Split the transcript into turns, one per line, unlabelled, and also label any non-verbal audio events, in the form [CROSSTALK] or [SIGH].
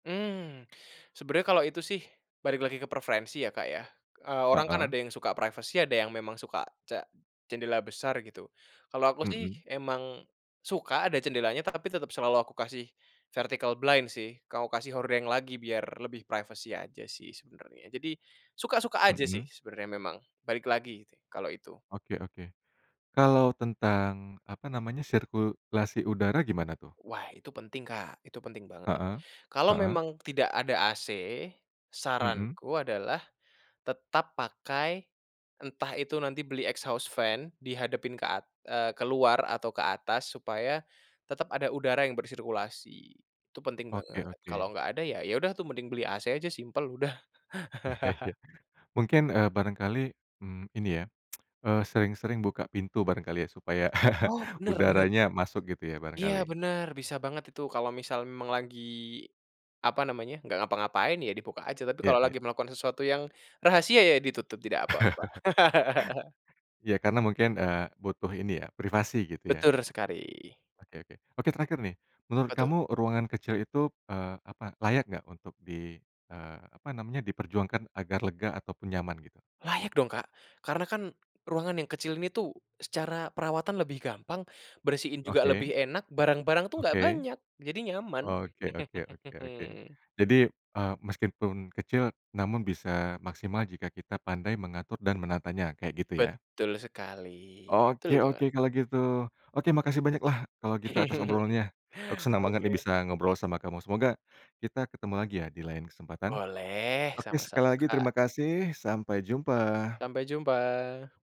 Mmm. Sebenernya kalau itu sih balik lagi ke preferensi ya, Kak, ya. Eee, orang kan
Heeh.
ada yang suka privacy, ada yang memang suka ce jendela besar gitu. Kalau aku sih
Mhm.
emang suka ada jendelanya, tapi tetep selalu aku kasih vertical blind sih, kalau kasih hordeng lagi biar lebih privacy aja sih sebenernya. Jadi suka-suka aja sih
Mhm.
sebenernya memang. Balik lagi gitu ya, kalau itu.
Oke oke. Kalau tentang, apa namanya, sirkulasi udara gimana tuh?
Wah, itu penting, Kak. Itu penting banget.
Heeh,
Kalau
heeh.
memang tidak ada AC
Mhm.
saranku adalah tetap pakai, entah itu nanti beli exhaust fan dihadapin ke at eee, ke luar atau ke atas supaya tetep ada udara yang bersirkulasi. Itu penting
Oke
banget. Kalau
oke.
nggak ada ya, ya udah tuh mending beli AC aja, simpel udah.
[CHUCKLES]
[CHUCKLES]
Mungkin, eee, barangkali, mmm ini ya, [TSK] eee, sering-sering buka pintu barangkali ya, supaya [CHUCKLES]
Oh, bener bener.
udaranya masuk gitu ya
Iya
barangkali.
bener. Bisa banget itu. Kalau misal memang lagi, apa namanya, nggak ngapa-ngapain ya di buka aja, tapi
Iya
kalau
iya.
lagi melakukan sesuatu yang rahasia ya ditutup tidak apa-apa.
[CHUCKLES]
[LAUGHS]
Ya karena mungkin, eee, butuh ini ya privasi gitu ya.
Betul sekali.
Oke oke. Oke, terakhir nih. Menurut
Apa tuh?
kamu ruangan kecil itu, eee, apa, layak nggak untuk di eee, apa namanya diperjuangkan agar lega ataupun nyaman gitu?
Layak dong, Kak. Karena kan ruangan yang kecil ini tuh secara perawatan lebih gampang, bersihin juga lebih
Oke.
enak, barang-barang tuh nggak
Oke.
banyak. Jadi nyaman.
Oke oke oke oke.
[LAUGHS]
Jadi, eee, meskipun kecil namun bisa maksimal jika kita pandai mengatur dan menatanya kayak gitu ya?
Betul sekali. Betul
Oke
banget.
oke kalau gitu. Oke makasih banyaklah kalau gitu, atas
[CHUCKLES]
obrolannya. Aku seneng banget nih
Oke.
bisa ngobrol sama kamu. Semoga kita ketemu lagi ya di lain kesempatan.
Boleh.
Oke, sekali
Sama-sama,
lagi
Kak.
terima kasih. Sampai jumpa.
Sampai jumpa.